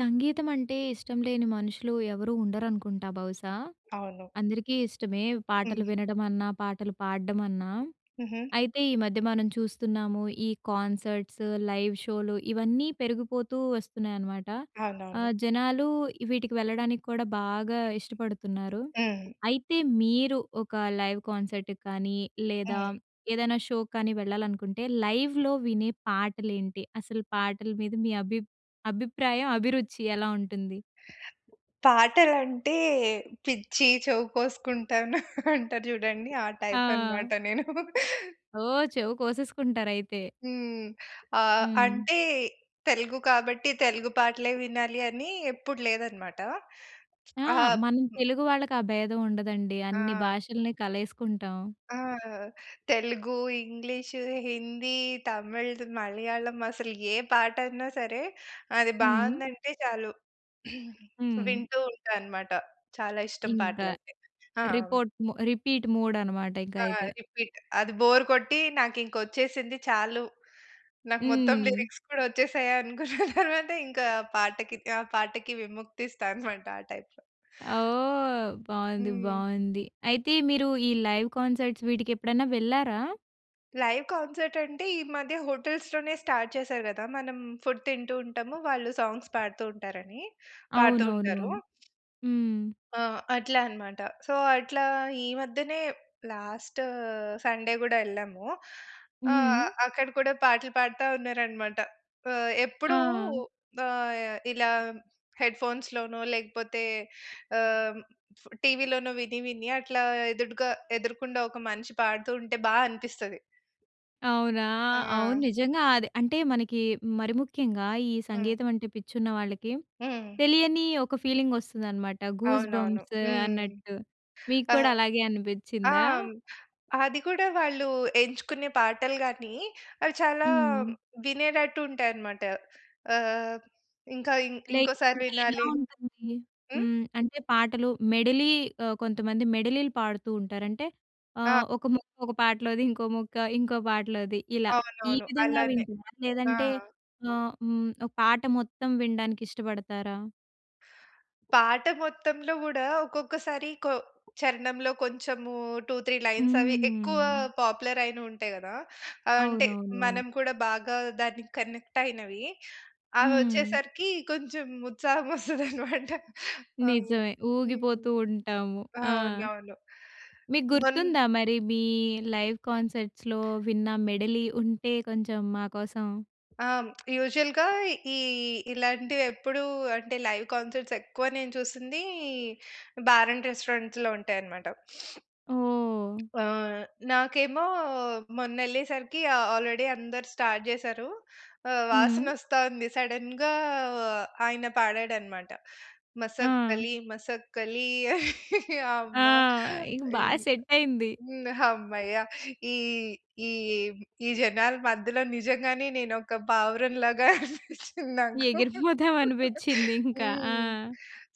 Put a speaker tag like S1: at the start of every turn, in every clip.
S1: సంగీతం అంటే ఇష్టం లేని మనుషులు ఎవరూ ఉండరనుకుంటా బహుశా.
S2: అవును.
S1: అందరికీ ఇష్టమే. పాటలు
S2: హ్మ్.
S1: వినడమన్నా, పాటలు పాడ్డమన్నా.
S2: హుహు.
S1: అయితే ఈ మధ్య మనం చూస్తున్నాము. ఈ కాన్సర్ట్స్, లైవ్ షోలు ఇవన్నీ పెరిగిపోతూ వస్తున్నాయి అనమాట.
S2: అవునవును.
S1: ఆహ్, జనాలు వీటికి వెళ్ళడానికి కూడా బాగా ఇష్టపడుతున్నారు.
S2: హ్మ్.
S1: అయితే మీరు ఒక లైవ్ కాన్సర్ట్‌కి కానీ, లేదా
S2: హ్మ్.
S1: ఏదైనా షోకి కానీ వెళ్ళాలనుకుంటే లైవ్‍లో వినే పాటలేంటి? అసలు పాటల మీద మీ అభి అభిప్రాయం, అభిరుచి ఎలా ఉంటుంది?
S2: పాటలంటే, పిచ్చి చెవి కోసుకుంటాను అంటారు చూడండి. ఆ టైప్
S1: ఆ!
S2: అన్నమాట నేను.
S1: ఓహ్! చెవు కోసేసుకుంటారయితే.
S2: హ్మ్. ఆహ్,
S1: హ్మ్.
S2: అంటే తెలుగు కాబట్టి, తెలుగు పాటలే వినాలి అని ఎప్పుడు లేదనమాట.
S1: ఆ!
S2: ఆహ్
S1: మనం తెలుగు వాళ్ళకి ఆ భేదం ఉండదండి అన్నీ
S2: ఆ!
S1: భాషల్ని కలేసుకుంటాం.
S2: ఆ! తెలుగు, ఇంగ్లీషు, హిందీ, తమిళ్‌ద్ మలయాళం అసలు ఏ పాటన్నా సరే! అది
S1: హ్మ్.
S2: బావుందంటే చాలు
S1: హ్మ్.
S2: వింటూ ఉంటానమాట. చాలా ఇష్టం
S1: ఇంకా
S2: పాటలంటే. ఆ!
S1: రిపోర్ట్ మొ రిపీట్ మోడ్ అన్నమాట ఇంక
S2: ఆ!
S1: అయితే.
S2: రీపిట్ అది బోర్ కొట్టి నాకు ఇంక వచ్చేసింది చాలు. నాకు మొత్తం
S1: హ్మ్.
S2: లిరిక్స్ కూడా వచ్చేసాయి అనుకున్న తర్వాత ఇంకా పాటకి త ఆ పాటకి విముక్తిస్తా అన్నమాట ఆ టైప్‌లో.
S1: ఓహ్! బావుంది,
S2: హ్మ్.
S1: బావుంది. అయితే మీరు ఈ లైవ్ కాన్సర్ట్స్ వీటికి ఎప్పుడైనా వెళ్లారా?
S2: లైవ్ కాన్సర్ట్ అంటే ఈ మధ్య హోటల్స్‌లోనే స్టార్ట్ చేసారు కదా! మనం ఫుడ్ తింటూ ఉంటాము. వాళ్ళు సాంగ్స్ పాడుతూ ఉంటారని, పాడుతూ ఉంటారు.
S1: అవునవునవును. హ్మ్!
S2: అ! అట్లా అన్నమాట. సో, అట్లా ఈ మధ్యనే లాస్ట్ సండే గూడా ఎళ్ళాము.
S1: హ్మ్.
S2: ఆహ్, అక్కడ కూడా పాటలు పాడుతా ఉన్నారన్నమాట. ఆహ్, ఎప్పుడు
S1: ఆ!
S2: ఆహ్, ఇలా హెడ్ ఫోన్స్‌లోనో లేకపోతే ఆహ్, టీవీలోనో విని, విని అట్లా ఎదుటుగా ఎదురుకుండా ఒక మనిషి పాడుతూ ఉంటే బా అనిపిస్తది.
S1: అవునా! అవును.
S2: ఆ!
S1: నిజంగా అది అంటే మనకి మరి ముఖ్యంగా ఈ
S2: హ్మ్.
S1: సంగీతం అంటే పిచ్చున్న వాళ్ళకి
S2: హ్మ్.
S1: తెలియని ఒక ఫీలింగ్ ఒస్తదనమాట గూస్
S2: అవునవును.
S1: బంప్స్
S2: హ్మ్!
S1: అన్నట్టు. మీకు కూడా
S2: ఆహ్,
S1: అలాగే
S2: ఆ!
S1: అనిపించిందా?
S2: అది గూడా వాళ్ళు ఎంచుకునే పాటలు గాని, అవి చాలా
S1: హ్మ్.
S2: వినేటట్టు ఉంటాయన్నమాట. ఆహ్, ఇంకా ఇం
S1: లైక్
S2: ఇంకోసారి
S1: అంటే ఎలా
S2: వినాలి
S1: ఉంటుంది?
S2: హ్మ్?
S1: హ్మ్. అంటే పాటలు మెడలి ఆహ్, కొంతమంది మెడలీలు పాడుతూ ఉంటారు. అంటే
S2: ఆ!
S1: ఆహ్, ఒక ముక్క ఒక పాటలోది, ఇంకో మొక్క ఇంకో పాటలోది ఇలా. ఈ
S2: అవునవును.
S1: విధంగా
S2: అలానే.
S1: వింటునారా?
S2: ఆ!
S1: లేదంటే ఆహ్, హ్మ్, ఒక పాట మొత్తం వినడానికి ఇష్టపడతారా?
S2: పాట మొత్తంలో కూడా ఒక్కొక్కసారి కొ చరణంలో కొంచెము 2, 3 లైన్స్ అవి ఎక్కువ
S1: హ్మ్.
S2: పాపులర్ అయినవి ఉంటాయి గదా! ఆహ్, అంటే
S1: అవునవునవును.
S2: మనం కూడా బాగా దానికి కనెక్ట్ అయినవి. అవి
S1: హ్మ్.
S2: వచ్చేసరికి కొంచెం ఉత్సాహం వస్తది అన్నమాట. హ్మ్.
S1: నిజమే
S2: హ్మ్
S1: ఊగిపోతూ ఉంటాము. ఆ!
S2: అవునవును.
S1: మీకు
S2: మొన్
S1: గుర్తుందా మరి మీ లైవ్ కాన్సర్ట్స్‌లో విన్న మెడలి ఉంటే కొంచెం మా కోసం.
S2: ఆ! హ్మ్. యూజువల్‌గా ఈ ఇలాంటివి ఎప్పుడు అంటే లైవ్ కాన్సర్ట్స్ ఎక్కువ నేను చూసింది బార్ అండ్ రెస్టారెంట్స్‌లో ఉంటాయన్నమాట.
S1: ఓహ్!
S2: ఆ! నాకేమో మొన్నెళ్లేసరికి ఆహ్, ఆల్రెడీ అందరు స్టార్ట్ చేశారు.ఆహ్, వాసన
S1: హ్మ్.
S2: వస్తా ఉంది సడెన్‌గా ఆయన పాడాడు అన్నమాట.
S1: ఆ!
S2: 'మసక్కలి మసక్కలి'
S1: ఆ!
S2: అమ్మ!
S1: ఇక బాగా సెట్ అయింది.
S2: హమ్మయ్య! ఈ, ఈ, ఈ జనాల మధ్యలో నిజంగానే నేను ఒక పావురం లాగా అనిపించింది నాకు.
S1: ఎగిరిపోదాం అనిపించింది ఇంకా ఆ!
S2: హ్మ్.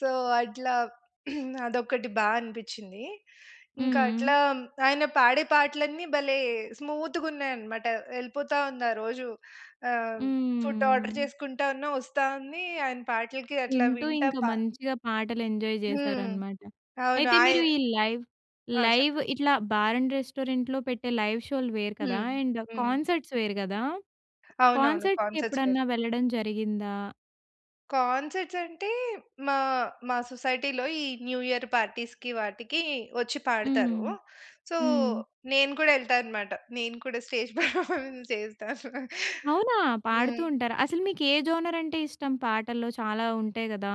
S2: సో, అట్లా అదొక్కటి బా అనిపించింది. ఇంకా
S1: హ్మ్.
S2: అట్లా ఆయన పాడే పాటలన్నీ భలే స్మూత్‌గా ఉన్నాయన్నమాట ఎళ్ళిపోతా ఉంది ఆ రోజు. ఆహ్, ఫుడ్ ఆర్డర్
S1: హ్మ్.
S2: చేసుకుంటా ఉన్నా వస్తా ఉంది. ఆయన పాటలకి అట్లా
S1: వింటూ
S2: వింటా
S1: ఇంకా
S2: ప
S1: మంచిగా పాటలు ఎంజాయ్
S2: హ్మ్.
S1: చేశారన్నమాట.
S2: అవును.
S1: అయితే
S2: ఆయ
S1: మీరు ఈ లైవ్,
S2: ఆ!
S1: లైవ్
S2: చెప్పండి.
S1: ఇట్లా బార్ అండ్ రెస్టారెంట్‌లో పెట్టే లైవ్ షోలు వేరు కదా!
S2: హ్మ్.
S1: అండ్
S2: హ్మ్.
S1: కాన్సర్ట్స్ వేరు కదా!
S2: అవునవును
S1: కాన్సర్ట్స్‌కి
S2: కాన్సర్ట్స్ వేరు.
S1: ఎప్పుడన్నా వెళ్ళడం జరిగిందా?
S2: కాన్సర్ట్స్ అంటే, మా మా సొసైటీలో ఈ న్యూ యియర్ పార్టీస్‌కి వాటికి ఒచ్చి
S1: హ్మ్.
S2: పాడుతారు. సో,
S1: హ్మ్.
S2: నేను కూడా ఎళ్తా అన్నమాట. నేను కూడా స్టేజ్ పర్ఫార్మన్స్ చేస్తాను.
S1: అవునా! పాడుతూ
S2: హ్మ్.
S1: ఉంటారా? అసలు మీకు ఏ జోనర్ అంటే ఇష్టం? పాటల్లో, చాలా ఉంటాయి గదా.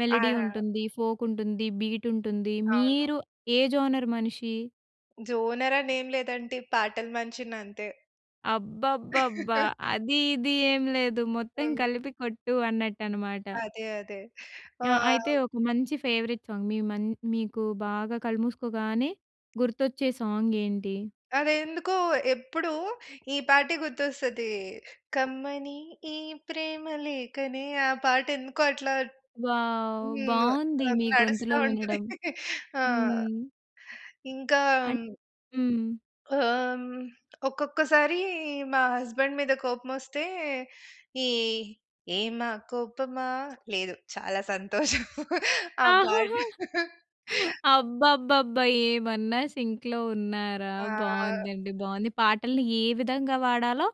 S1: మెలోడీ
S2: ఆహా!
S1: ఉంటుంది, ఫోక్ ఉంటుంది, బీట్ ఉంటుంది.
S2: అవును.
S1: మీరు ఏ జోనర్ మనిషి?
S2: జోనర్ అనే ఏమి లేదంటీ. పాటలు మనిషిని అంతే.
S1: అబ్బబ్బబ్బా! అది ఇది ఏం లేదు. మొత్తం
S2: హ్మ్.
S1: కలిపి కొట్టు అన్నట్టు అన్నమాట.
S2: అదే, అదే.
S1: ఆ! అయితే
S2: ఆహ్
S1: ఒక మంచి ఫేవరెట్ సాంగ్, మీ మం మీకు బాగా కళ్ళుమూసుకోగానే గుర్తొచ్చే, సాంగ్ ఏంటి?
S2: అదెందుకో, ఎప్పుడు ఈ పాటే గుర్తొస్తది, కమ్మని ఈ ప్రేమలేఖనే, ఆ పాట ఎందుకో, అట్లా
S1: వావ్!
S2: హ్మ్.
S1: బాగుంది
S2: ఆహ్,
S1: మీ
S2: నడుస్తా
S1: గొంతులో
S2: ఉంటది.
S1: వినడం.
S2: ఆ!
S1: హ్మ్.
S2: ఇంకా
S1: అన్ హ్మ్.
S2: ఆహ్, హ్మ్, ఒక్కొక్కసారి మా హస్బాండ్ మీద కోపం ఒస్తే, ఈ ఏమా కోపమా! లేదు, చాలా సంతోషం. ఆ పాట.
S1: ఆహాహా! అబ్బబ్బబ్బా! ఏమన్నా సింక్‌లో ఉన్నారా!
S2: ఆహ్
S1: బాగుందండి, బాగుంది. పాటల్ని ఏ విధంగా వాడాలో,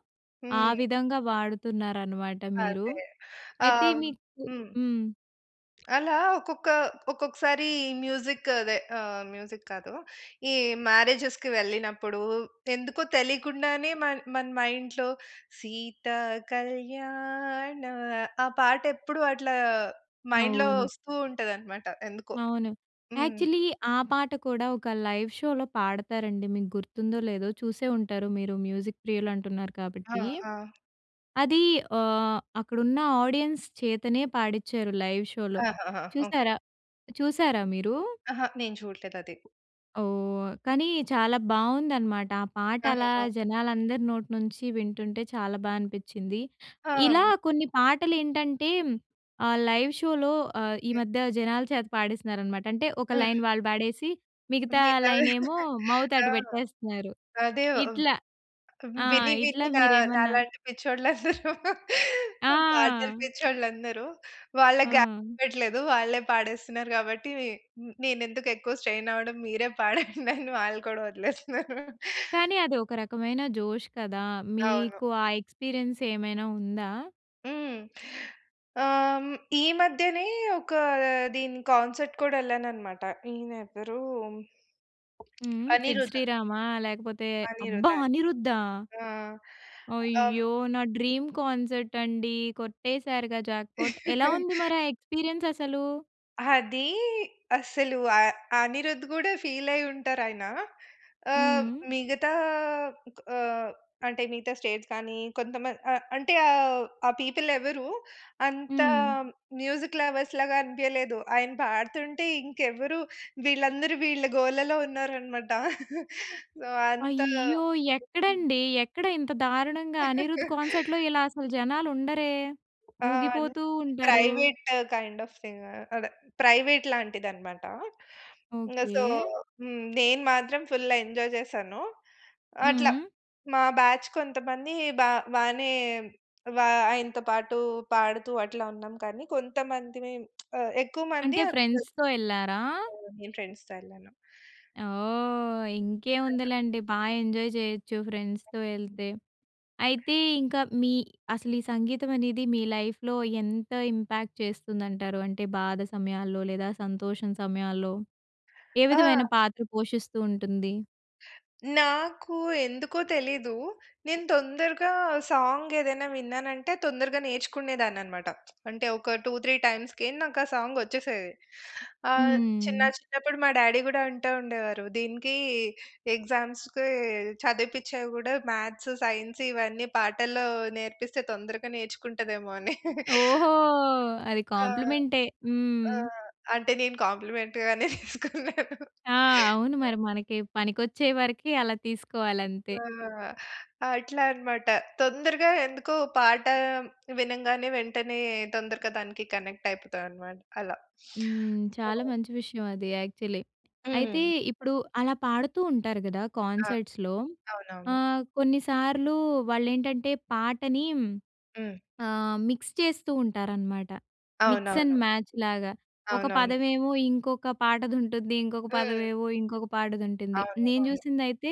S1: ఆ
S2: హ్మ్.
S1: విధంగా వాడుతున్నారనమాట మీరు.
S2: అదే.
S1: అయితే,
S2: ఆహ్
S1: మీకు
S2: హ్మ్.
S1: హ్మ్.
S2: అలా ఒక్కొక్క ఒక్కొక్కసారి మ్యూజిక్ అదే ఆహ్, మ్యూజిక్ కాదు. ఈ మ్యారేజెస్‌కి వెళ్ళినప్పుడు ఎందుకో తెలియకుండానే, మన మన మైండ్‌లో, సీతా కళ్యాణా, ఆ పాట ఎప్పుడు అట్లా మైండ్‌లో,
S1: అవును.
S2: వస్తూ ఉంటదనమాట ఎందుకో.
S1: అవును.
S2: హ్మ్.
S1: యాక్చులీ ఆ పాట కూడా ఒక లైవ్ షోలో పాడతారండి. మీకు గుర్తుందో, లేదో చూసే ఉంటారు మీరు మ్యూజిక్ ప్రియులు అంటున్నారు
S2: ఆ!
S1: కాబట్టి.
S2: ఆ!
S1: అది ఆహ్, అక్కడున్న ఆడియన్స్ చేతనే పాడించారు, లైవ్ షోలో.
S2: ఆహాహా! ఓకె.
S1: చూశారా? చూసారా మీరు?
S2: అహా! నేను చూడలేదు అది.
S1: ఓహ్! కానీ చాలా బావుందనమాట ఆ పాట అలా
S2: ఆహాహ!
S1: జనాలందరి నోటి నుంచి వింటుంటే చాలా బా అనిపిచ్చింది. ఇలా
S2: ఆ!
S1: కొన్ని పాటలు ఏంటంటే, ఆహ్, లైవ్ షోలో ఆహ్, ఈ
S2: హ్మ్.
S1: మధ్య జనాల చేత పాడిస్తున్నారనమాట. అంటే ఒక లైన్
S2: హ్మ్.
S1: వాళ్ళు పాడేసి మిగతా
S2: మిగతా
S1: లైనెమో మౌత్
S2: ఆ!
S1: అటు పెట్టేస్తున్నారు.
S2: అదే
S1: ఇట్లా ఆ!
S2: విని
S1: ఇట్లా
S2: విని నా
S1: మీరేమన్నా
S2: నాలాంటి పిచ్చోళ్ళు అందరూ, పాటలు
S1: ఆ!
S2: పిచ్చోళ్ళందరూ వాళ్ళ
S1: ఆ!
S2: [unintelligible] వాళ్ళే పాడేస్తున్నారు గాబట్టి నేనెందుకు ఎక్కువ స్ట్రెయిన్ అవ్వడం మీరే పాడండి అని వాళ్ళు కూడా వదిలేస్తున్నారు.
S1: కానీ అది ఒక రకమైన జోష్ కదా.
S2: అవును.
S1: మీకు ఆ ఎక్స్‌పీరియెన్స్ ఏమైనా ఉందా?
S2: హ్మ్. ఆహ్, ఈ మధ్యనే ఒక దీని కాన్సర్ట్‌ కూడా ఎళ్ళానన్నమాట. ఈయన ఎవరు
S1: హ్మ్. 'సిద్
S2: అనిరుద.
S1: శ్రీరామా' లేకపోతే అబ్బా!
S2: 'అనిరుద్ అనిరుద్.'
S1: 'అనిరుద్దా?'
S2: ఆ! అమ్
S1: అయ్యో! నా డ్రీమ్ కాన్సర్ట్ అండి కొట్టేసారుగా జాక్‌పాట్ ఎలా ఉంది మరి ఆ ఎక్స్‌పీరియెన్స్ అసలు?
S2: అది అసలు అ అనిరుద్ గూడా ఫీల్ అయి ఉంటారు ఆయన. ఆహ్,
S1: హ్మ్.
S2: మిగతా ఆహ్, అంటే మిగతా స్టేట్స్ కానీ, కొంతమంది అ అంటే ఆహ్, ఆ పీపుల్ ఎవరు అంత
S1: హ్మ్.
S2: మ్యూజిక్ లవర్స్‌లాగా అనిపియలేదు. ఆయన పాడుతుంటే ఇంకెవరు వీళ్ళందరూ వీళ్ళ గోలలో ఉన్నారన్నమాట. సో, అంత
S1: అయ్యో! ఎక్కడండి ఎక్కడ ఇంత దారుణంగా 'అనిరుద్' కాన్సర్ట్‌లో ఇలా అసలు జనాలు ఉండరే
S2: ఆ! అన్నీ
S1: ఊగిపోతూ ఉంటారు.
S2: ప్రైవేట్ కైండ్ ఆఫ్ థింగ్ అదే ప్రైవేట్ లాంటిది అనమాట. So,
S1: okay.
S2: హ్మ్. నేను మాత్రం ఫుల్ ఎంజాయ్ చేశాను. అట్లా
S1: హ్మ్.
S2: మా బ్యాచ్ కొంతమంది బా బానే వ ఆయనతో పాటు పాడుతూ, అట్లా ఉన్నాం కానీ కొంతమందిమి ఎక్కువ మంది
S1: అంటే ఫ్రెండ్స్‌తో యెళ్ళారా?
S2: ఆ! నేను ఫ్రెండ్స్‌తో యెళ్ళాను.
S1: ఓహ్!
S2: చక్కగా
S1: ఇంకేముందిలెండి బా ఎంజాయ్ జేయొచ్చు ఫ్రెండ్స్‌తో ఎళ్తే. అయితే ఇంకా మీ అసలు ఈ సంగీతం అనేది మీ లైఫ్‌లో ఎంత ఇంపాక్ట్ చేస్తుందంటారు. అంటే బాధ సమయాల్లో, లేదా సంతోషం సమయాల్లో, ఏ విధమైన
S2: ఆ!
S1: పాత్ర పోషిస్తూ ఉంటుంది.
S2: నాకు ఎందుకో తెలీదు. నేను తొందరగా సాంగ్ ఏదైనా విన్నానంటే తొందరగా నేర్చుకునేదాన్ని అనమాట. అంటే ఒక 2, 3 టైమ్స్‌కె నాకు ఆ సాంగ్ వచ్చేసేది. ఆహ్, చిన్న
S1: హ్మ్.
S2: చిన్నప్పుడు మా డ్యాడీ గూడా అంటా ఉండేవారు. దీనికీ ఎగ్జామ్స్‌కి చదివిపిచ్చేవి కూడా మ్యాథ్స్, సైన్స్ ఇవన్నీ పాటల్లో నేర్పిస్తే తొందరగా నేర్చుకుంటదేమో అని.
S1: ఓహో! అది
S2: ఆ!
S1: కాంప్లిమెంటే.
S2: ఆ!
S1: హ్మ్.
S2: అంటే నేను కాంప్లిమెంట్‌గానే తీసుకున్నాను.
S1: ఆ! అవును మరి. మనకి పనికొచ్చేవరకి అలా తీసుకోవాలి అంతే.
S2: ఆ! అట్లా అనమాట. తొందరగా ఎందుకో పాట వినంగానే వెంటనే తొందరగా దానికి కనెక్ట్ అయిపోతా అనమాట. అలా.
S1: హ్మ్.
S2: సో
S1: చాలా మంచి విషయం అది యాక్చువల్లీ. అయితే
S2: హ్మ్.
S1: ఇప్పుడు అలా పాడుతూ ఉంటారు కదా
S2: ఆ!
S1: కాన్సర్ట్స్‌లో.
S2: అవునవును.
S1: ఆహ్, కొన్నిసార్లు వాళ్ళు ఏంటంటే పాటని హ్మ్,
S2: హ్మ్.
S1: ఆహ్, మిక్స్ చేస్తూ ఉంటారనమాట. మిక్స్ అండ్
S2: అవునవును.
S1: మ్యాచ్ లాగా. ఒక
S2: అవునవును.
S1: పదమేమో ఇంకొక పాటది ఉంటుంది. ఇంకొక
S2: హ్మ్.
S1: పదమేమో ఇంకొక పాటది ఉంటుంది.
S2: అవును,
S1: నేను
S2: అవును.
S1: చూసిందైతే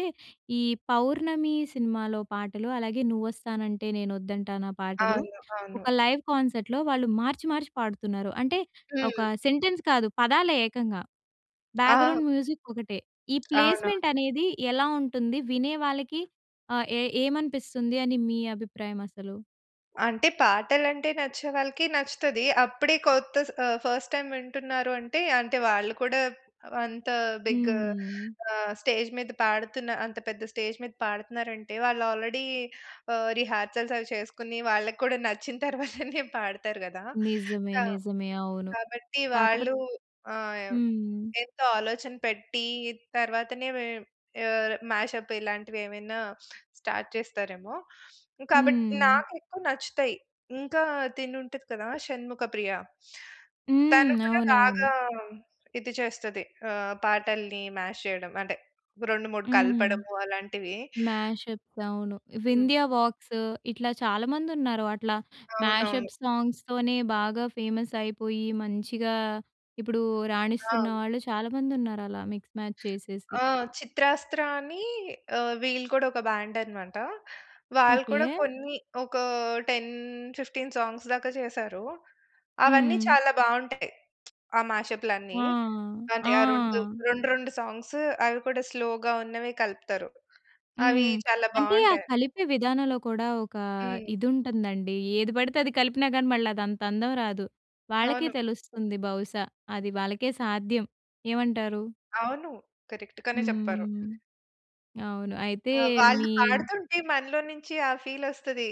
S1: ఈ 'పౌర్ణమి' సినిమాలో పాటలు. అలాగే 'నువ్వు వస్తానంటే నేనొద్దంటానా' పాటలు.
S2: అవును, అవును.
S1: ఒక లైవ్ కాన్సర్ట్‌లో వాళ్ళు మార్చి మార్చి పాడుతున్నారు. అంటే ఒక
S2: హ్మ్.
S1: సెంటెన్స్ కాదు పదాలే ఏకంగా.
S2: ఆ!
S1: బ్యాక్‍గ్రౌండ్ మ్యూజిక్ ఒకటే. ఈ
S2: అవునవును.
S1: ప్లేస్‌మెంట్ అనేది ఎలా ఉంటుంది వినే వాళ్ళకి ఆహ్, ఏ ఏమనిపిస్తుంది అని మీ అభిప్రాయం అసలు?
S2: అంటే, పాటలు అంటే నచ్చే వాళ్ళకి నచ్చుతది. అప్పుడే కొత్త స్ ఆహ్, ఫస్ట్ టైమ్ వింటున్నారు అంటే, అంటే, వాళ్ళు కూడా అంత బిగ్
S1: హ్మ్.
S2: ఆహ్, స్టేజ్ మీద పాడుతున్న అంత పెద్ద స్టేజ్ మీద పాడుతున్నారంటే, వాళ్ళు ఆల్రెడీ ఆహ్, రిహార్సల్స్ అవి చేసుకొని వాళ్ళకి కూడా నచ్చిన తర్వాతనే పాడతారు గదా!
S1: నిజమే.
S2: కా
S1: నిజమే. అవును.
S2: కాబట్టి
S1: కాకపోతే
S2: వాళ్ళు ఆహ్,
S1: హ్మ్.
S2: ఎంతో ఆలోచన పెట్టి, తర్వాతనే వే ఆహ్, మ్యాష్అప్ ఇలాంటివి ఏమైనా స్టార్ట్ చేస్తారేమో. కాబట్టి
S1: హ్మ్.
S2: నాకు ఎక్కువ నచ్చుతాయి. ఇంకా తిను ఉంటది కదా! షణ్ముఖ ప్రియ తను
S1: హ్మ్.
S2: కూడా
S1: అవునవును.
S2: బాగా ఇది చేస్తది, ఆహ్, పాటల్ని మ్యాష్ చేయడం అంటే 2, 3
S1: హ్మ్.
S2: కలపడము అలాంటివి.
S1: మ్యాష్అప్స్ అవును.
S2: హ్మ్.
S1: వింధ్యా వాక్స్ ఇట్లా చాలామందున్నారు అట్లా,
S2: అవునవును.
S1: మ్యాష్అప్ సాంగ్స్‌తోనే బాగా ఫేమస్ అయిపోయి, మంచిగా ఇప్పుడు రాణిస్తున్న
S2: ఆ!
S1: వాళ్ళు చాలామందున్నారు అలా, మిక్స్ మ్యాచ్ చేసేసి.
S2: ఆ! చిత్రాస్త్ర అని ఆహ్, వీళ్ళు కూడా ఒక బ్యాండన్నమాట. వాళ్ళు కూడా
S1: ఓకే.
S2: కొన్ని ఒక 10, 15 సాంగ్స్ దాకా చేశారు. అవన్నీ
S1: హ్మ్.
S2: చాలా బావుంటాయి, ఆ
S1: ఆ!
S2: మ్యాష్అప్‌లన్నీ అంటే,
S1: ఆ!
S2: ఆ 2, 2, 2 సాంగ్సు అవి కూడా స్లోగా ఉన్నవే కలుపుతారు. అవి
S1: హ్మ్.
S2: చాలా
S1: అంటే, ఆ
S2: బావుంటాయి.
S1: కలిపే విధానంలో కూడా ఒక
S2: హ్మ్.
S1: ఇది ఉంటందండి. ఏది పడితే అది కలిపినా గాని, మళ్ళదంతందం రాదు. వాళ్ళకే
S2: అవును.
S1: తెలుస్తుంది బహుశా. అది వాళ్ళకే సాధ్యం. ఏమంటారు?
S2: అవును. కరెక్ట్‌ గానే చెప్పారు.
S1: హ్మ్. అవును. అయితే
S2: అ!
S1: మీ
S2: వాళ్ళు పాడుతుంటే మనలో నుంచి ఆ ఫీలొస్తది.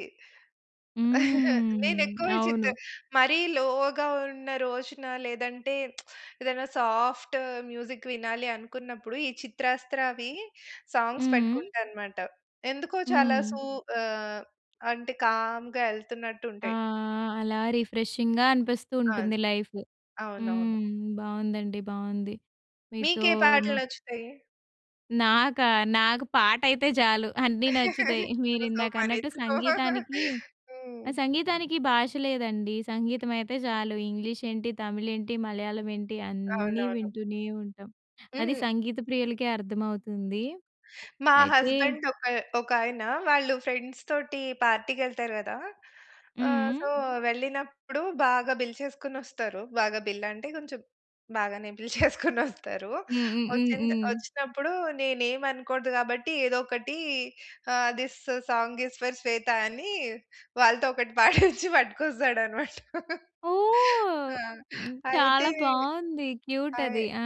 S1: హ్మ్.
S2: నేనెక్కువ చిత్త
S1: అవును.
S2: మరీ లోగా ఉన్న రోజున లేదంటే, ఏదైనా సాఫ్ట్ మ్యూజిక్ వినాలి అనుకున్నప్పుడు, ఈ చిత్రాస్త్రవి సాంగ్స్
S1: హ్మ్.
S2: పెట్టుకుంటానన్నమాట. ఎందుకో చాలా
S1: హ్మ్.
S2: సూ ఆహ్, అంటే కామ్‌గా
S1: ఆ!
S2: ఎళ్తున్నట్టుంటయి.
S1: అలా రిఫ్రెషింగ్‌గా అనిపిస్తూ
S2: అవును.
S1: ఉంటుంది లైఫ్.
S2: అవునవును.
S1: హ్మ్. బావుందండి, బావుంది. మీతో
S2: మీకే పాటలు
S1: మా
S2: నచ్చుతయి?
S1: నాకా? నాకు పాట అయితే చాలు అన్నీ నచ్చుతాయి. మీరు
S2: ఆయితే సొ,
S1: ఇందాక అన్నట్టు
S2: మనిద్దరం
S1: సంగీతానికి
S2: హ్మ్.
S1: ఆ! సంగీతానికి భాష లేదండి! సంగీతం అయితే చాలు. ఇంగ్లీష్ ఏంటి, తమిళ్, ఏంటి మలయాళం ఏంటి అన్నీ
S2: అవునవును.
S1: వింటూనే ఉంటాం. అది
S2: హ్మ్.
S1: సంగీత ప్రియులకే అర్థమవుతుంది.
S2: మా
S1: అయితే
S2: హస్బెండ్ ఒక ఒకాయన వాళ్ళు ఫ్రెండ్స్ తోటి పార్టీకెళ్తారు కదా!
S1: హ్మ్.
S2: ఆహ్! సొ,
S1: హ్మ్.
S2: వెళ్ళినప్పుడు బాగా బిల్ చేసుకొని వస్తారు బాగా బిల్ అంటే కొంచెం బాగానే బిల్‌ చేసుకొని వస్తారు.
S1: హ్మ్. హ్మ్. హ్మ్.
S2: వచ్చింద్
S1: హ్మ్.
S2: వచ్చినప్పుడు నేను ఏమి అనకూడదు కాబట్టి, ఏదో ఒకటి ఆహ్, this song is for Shweta అని వాళ్ళతో ఒకటి పాడించి పట్టుకొస్తాడన్నమాట.
S1: ఓహ్!
S2: ఆ!
S1: హ్మ్,
S2: అయితే
S1: చాలా బావుంది. క్యూట్
S2: అయి
S1: అది, ఆ!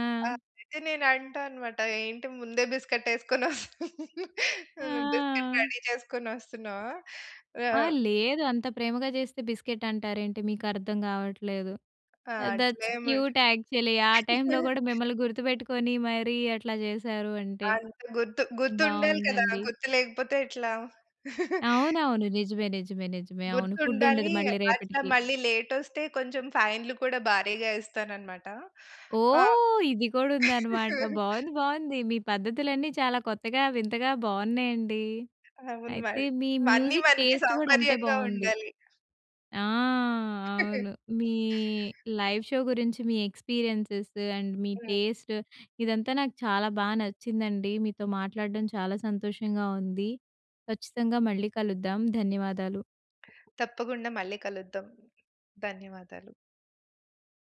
S2: అయితే నేను అంటా అన్నమాట ఏంటి ముందే బిస్కిట్ ఎసుకొని వస బిస్కేట్
S1: ఆ!
S2: రెడీ చేసుకొని వస్తున్నావా?
S1: ఆ!
S2: ఆహ్
S1: లేదు అంత ప్రేమగా చేస్తే బిస్కెట్ అంటారేంటి, మీకర్థం కావట్లేదు.
S2: ఆ!
S1: ఆహ్, దట్స్
S2: అట్లే ముండ
S1: క్యూట్ యాక్చువల్లి. ఆ టైంలో కూడా మిమ్మల్ని గుర్తుపెట్టుకొని మరి అట్లా చేశారు అంటే,
S2: అంత గుర్తు గుర్తుండాలి కదా!
S1: బావుందండి.
S2: గుర్తు లేకపోతే ఎట్లా?
S1: అవునవును నిజమే, నిజమే, నిజమే. అవును ఫుడ్ ఉండదు
S2: గుర్తుండాలి
S1: మళ్ళీ
S2: అట్లా
S1: రేపటికి.
S2: మళ్ళీ లేటొస్తే కొంచెం ఫైన్‌లు కూడా భారీగా ఇస్తానన్నమాట. ఆ!
S1: ఓహ్! ఇది కూడా ఉందన్నమాట, బావుంది, బావుంది మీ పద్ధతులన్నీ చాలా కొత్తగా, వింతగా బావున్నాయండి.
S2: అవును
S1: అయితే
S2: మరి
S1: మీ
S2: అన్ని
S1: మ్యూజిక్
S2: మనకి
S1: టేస్ట్ కూడా అంతే
S2: సౌకర్యంగా
S1: బావుంది.
S2: ఉండాలి.
S1: ఆ! అవును మీ లైవ్ షో గురించి మీ ఎక్స్పీరియెన్సెస్ అండ్ మీ
S2: హ్మ్.
S1: టేస్ట్, ఇదంతా నాకు చాలా బా నచ్చిందండి. మీతో మాట్లాడడం చాలా సంతోషంగా ఉంది. ఖచ్చితంగా మళ్ళీ కలుద్దాం, ధన్యవాదాలు.
S2: తప్పకుండా మళ్ళీ కలుద్దాం. ధన్యవాదాలు.